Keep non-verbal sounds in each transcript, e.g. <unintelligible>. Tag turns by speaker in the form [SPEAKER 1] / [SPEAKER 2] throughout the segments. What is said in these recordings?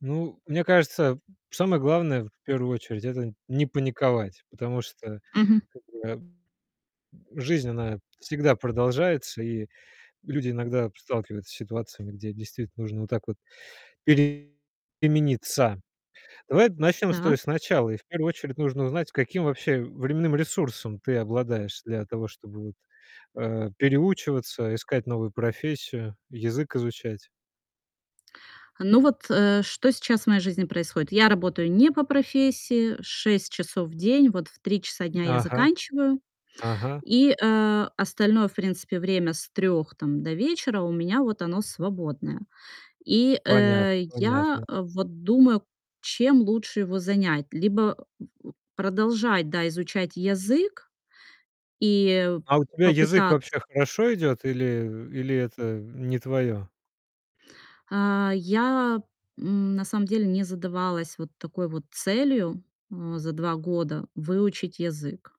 [SPEAKER 1] Ну, мне кажется, самое главное, в первую очередь- это не паниковать, потому что,
[SPEAKER 2] Мгм.
[SPEAKER 1] как бы, м, жизнь, она всегда продолжается, и люди иногда сталкиваются с ситуациями, где действительно нужно вот так вот перемениться. Давай начнем с той
[SPEAKER 2] Так.
[SPEAKER 1] с начала, и в первую очередь нужно узнать, каким вообще временным ресурсом ты обладаешь для того, чтобы вот, э, переучиваться, искать новую профессию, язык изучать.
[SPEAKER 2] Ну вот, э, что сейчас в моей жизни происходит? Я работаю не по профессии 6 часов в день. Вот в 3 часа дня я
[SPEAKER 1] Ага.
[SPEAKER 2] заканчиваю
[SPEAKER 1] Ага.
[SPEAKER 2] и, а, остальное, в принципе, время с 3 там до вечера- у меня вот оно свободное. И,
[SPEAKER 1] Понятно,
[SPEAKER 2] э, я
[SPEAKER 1] понятно.
[SPEAKER 2] вот думаю, чем лучше его занять: либо <grunts> продолжать, да, изучать язык и
[SPEAKER 1] А у тебя язык
[SPEAKER 2] попытаться
[SPEAKER 1] вообще хорошо идет или, э, или это не твое?
[SPEAKER 2] А я н на самом деле не задавалась вот такой вот целью, м, за 2 года выучить язык.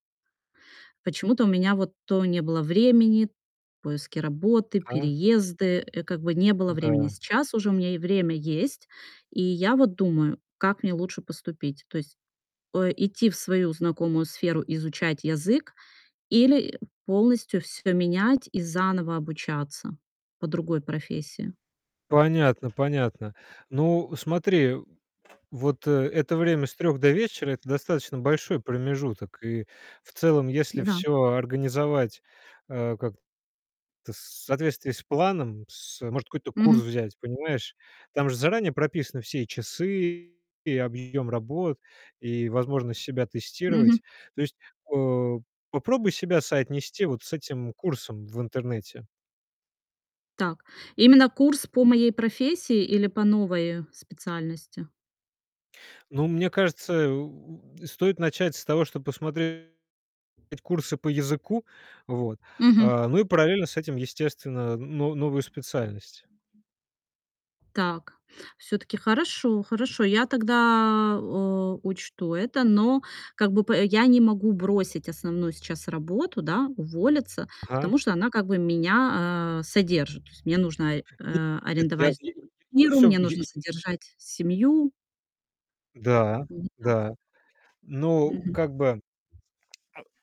[SPEAKER 2] Почему-то у меня вот то не было времени, поиски работы,
[SPEAKER 1] А?
[SPEAKER 2] переезды, э, как бы не было времени.
[SPEAKER 1] Да.
[SPEAKER 2] Сейчас уже у меня и время есть, и я вот думаю, как мне лучше поступить. То есть, э, идти в свою знакомую сферу, изучать язык, или полностью всё менять и заново обучаться по другой профессии.
[SPEAKER 1] Понятно, понятно. Ну, смотри, вот, э, это время с 3 до вечера- это достаточно большой промежуток. И в целом, если
[SPEAKER 2] Н-да.
[SPEAKER 1] всё организовать, э, как-то в с соответствии с планом, с, э Может, какой-то курс
[SPEAKER 2] Мгм.
[SPEAKER 1] взять, понимаешь? Там же заранее прописаны все и часы, и объем работ, и возможность себя
[SPEAKER 2] Мгм.
[SPEAKER 1] тестировать. То есть, э, попробуй себя соотнести вот с этим курсом в интернете.
[SPEAKER 2] Так. Именно курс по моей профессии или по новой специальности?
[SPEAKER 1] Ну, мне кажется, э, у у стоит начать с того, что посмотреть курсы по языку. Вот.
[SPEAKER 2] Мгм.
[SPEAKER 1] А, ну и параллельно с этим, естественно, но новую специальность.
[SPEAKER 2] Так. Все-таки. Хорошо, хорошо, я тогда, э, учту это. Но как бы п я не могу бросить основную сейчас работу, да, уволиться,
[SPEAKER 1] Ага.
[SPEAKER 2] потому что она как бы меня, а, содержит. То есть мне нужно,
[SPEAKER 1] <unintelligible>
[SPEAKER 2] а,
[SPEAKER 1] Нет, я
[SPEAKER 2] арендовать
[SPEAKER 1] <unintelligible> я
[SPEAKER 2] квартиру,
[SPEAKER 1] всё,
[SPEAKER 2] мне
[SPEAKER 1] я
[SPEAKER 2] нужно
[SPEAKER 1] я
[SPEAKER 2] содержать семью.
[SPEAKER 1] Да,
[SPEAKER 2] Вот
[SPEAKER 1] да.
[SPEAKER 2] так.
[SPEAKER 1] Ну,
[SPEAKER 2] Мгм.
[SPEAKER 1] как бы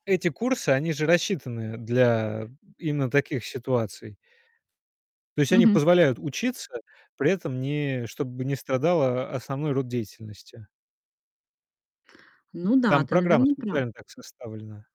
[SPEAKER 1] Эти курсы- они же рассчитаны для именно таких ситуаций. То есть они
[SPEAKER 2] Мгм.
[SPEAKER 1] позволяют учиться, при этом не чтобы не страдала о основной род деятельности.
[SPEAKER 2] Ну да,
[SPEAKER 1] Там
[SPEAKER 2] ты,
[SPEAKER 1] программа
[SPEAKER 2] наверно, прав.
[SPEAKER 1] специально так составлена.